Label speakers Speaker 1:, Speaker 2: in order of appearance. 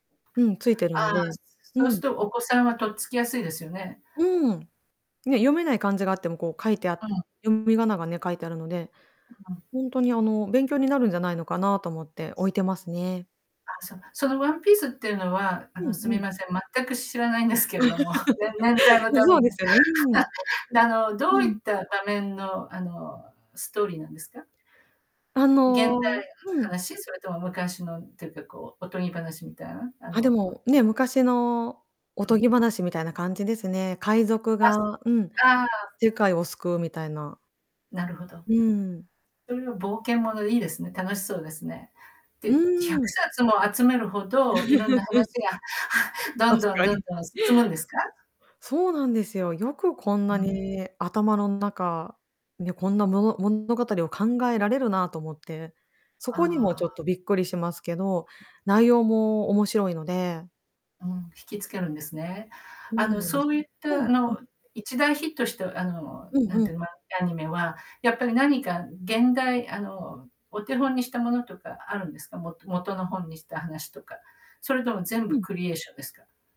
Speaker 1: うん、ついてる
Speaker 2: あ
Speaker 1: の
Speaker 2: あ、
Speaker 1: で、
Speaker 2: そう
Speaker 1: う
Speaker 2: す
Speaker 1: ん。
Speaker 2: っと、お子さんはとっつきやすいですよね。
Speaker 1: うーん。ね、読めない漢字があっても、こう書いてあ
Speaker 2: うん。
Speaker 1: 読み仮名がね、書いてあるので、
Speaker 2: うん。
Speaker 1: ほんとにあの、勉強になるんじゃないのかなと思って置いてますね。
Speaker 2: あ、そうなの。そのワンピースっていうのはあ
Speaker 1: う
Speaker 2: の、
Speaker 1: ん
Speaker 2: す
Speaker 1: う
Speaker 2: み
Speaker 1: ん。
Speaker 2: ません、全く知らないんですけれども。ね年代 のため
Speaker 1: そうで
Speaker 2: も。
Speaker 1: すよね。うーん。
Speaker 2: で、あの、どう
Speaker 1: う
Speaker 2: いっ
Speaker 1: ん。
Speaker 2: た場面の、あの、ストーリーなんですか？
Speaker 1: あ
Speaker 2: 現代の
Speaker 1: のうん。
Speaker 2: 話？それとも昔のっていうか、こうおとぎ話みたいな、あ
Speaker 1: あ、で
Speaker 2: の
Speaker 1: もね、昔のお
Speaker 2: う
Speaker 1: と
Speaker 2: ん。
Speaker 1: ぎ話みたいな感じですね。海賊
Speaker 2: あす
Speaker 1: がうん、
Speaker 2: ああ。
Speaker 1: 世界を救うみたいな。
Speaker 2: なるほど。
Speaker 1: うーん。
Speaker 2: そういう冒険ものいいですね。楽しそうですね。
Speaker 1: う
Speaker 2: で、ひゃ
Speaker 1: ー
Speaker 2: く
Speaker 1: ん。
Speaker 2: さつも集めるほど、色んな話 が ど
Speaker 1: 確
Speaker 2: んどん
Speaker 1: か
Speaker 2: どん
Speaker 1: に。
Speaker 2: どん進むんですか？
Speaker 1: そうなんですよ。よくこんなに頭の中、いやこんな物物語を考えられるなと思って、そこにも
Speaker 2: あ
Speaker 1: ちょっ
Speaker 2: あ。
Speaker 1: とびっくりしますけど、内容も面白いので。
Speaker 2: うん、惹き付けるんですね。
Speaker 1: そ
Speaker 2: あ
Speaker 1: う
Speaker 2: の、
Speaker 1: なんで
Speaker 2: そ
Speaker 1: す。
Speaker 2: ういっ
Speaker 1: う
Speaker 2: た、
Speaker 1: ん
Speaker 2: あ
Speaker 1: うん。
Speaker 2: の、一大ヒットした、あの、
Speaker 1: うん
Speaker 2: なん
Speaker 1: うん。
Speaker 2: ていうの、漫画やアニメは、やっぱり何か現代あの、お手本にしたものとかあるんですか？も元の本にした話とか。それとも全
Speaker 1: う
Speaker 2: 部
Speaker 1: ん。
Speaker 2: クリエーションですか？